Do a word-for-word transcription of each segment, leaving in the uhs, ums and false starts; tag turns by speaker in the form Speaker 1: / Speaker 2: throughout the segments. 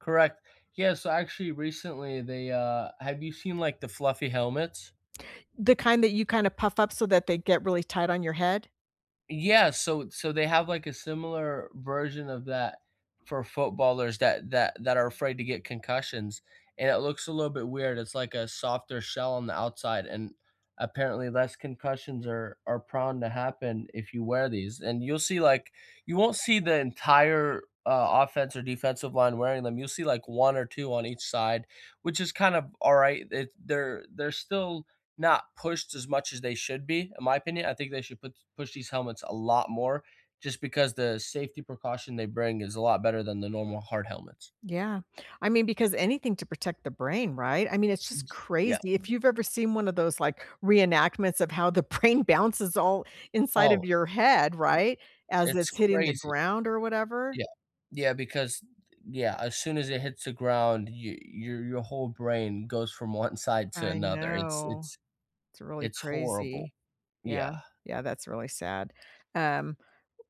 Speaker 1: Correct. Yeah, so, actually, recently, they, uh have you seen, like, the fluffy helmets?
Speaker 2: The kind that you kinda puff up, so that they get really tight on your head?
Speaker 1: Yeah. So so they have, like, a similar version of that for footballers that that that are afraid to get concussions, and it looks a little bit weird, it's like a softer shell on the outside, and apparently, less concussions are are prone to happen if you wear these, and you'll see, like you won't see the entire, uh, offense or defensive line wearing them, you'll see like one or two on each side, which is kinda alright, it they're they're still not pushed as much as they should be, in my opinion. I think they should push push these helmets a lot more, just because the safety precaution they bring is a lot better than the normal hard helmets.
Speaker 2: Yeah. I mean, because anything to protect the brain, right? I mean, it's just
Speaker 1: Yeah.
Speaker 2: crazy, if you've ever seen one of those, like, reenactments of how the brain bounces all inside of
Speaker 1: Oh, its
Speaker 2: your head, right, as
Speaker 1: it's
Speaker 2: it's hitting the
Speaker 1: crazy.
Speaker 2: ground or whatever.
Speaker 1: Yeah. Yeah, because, yeah, as soon as it hits the ground, y your your whole brain goes from one side to
Speaker 2: I
Speaker 1: another. It's
Speaker 2: know.
Speaker 1: it's
Speaker 2: It's really
Speaker 1: it's horrible.
Speaker 2: crazy. Yeah.
Speaker 1: Yeah.
Speaker 2: Yeah, that's really sad, um,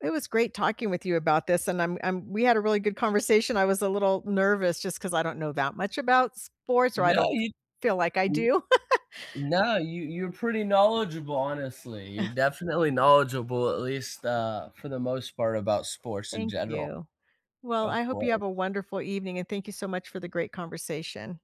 Speaker 2: it was great talking with you about this, and I'm I'm we had a really good conversation, I was a little nervous just 'cause I don't know that much about sports, or I
Speaker 1: No,
Speaker 2: don't
Speaker 1: you
Speaker 2: feel like I do.
Speaker 1: no, you you're pretty knowledgeable, honestly, you're definitely knowledgeable, at least, uh, for the most part about sports in
Speaker 2: Thank
Speaker 1: general.
Speaker 2: you. Well,
Speaker 1: Of
Speaker 2: I hope you have
Speaker 1: course.
Speaker 2: a wonderful evening, and thank you so much for the great conversation.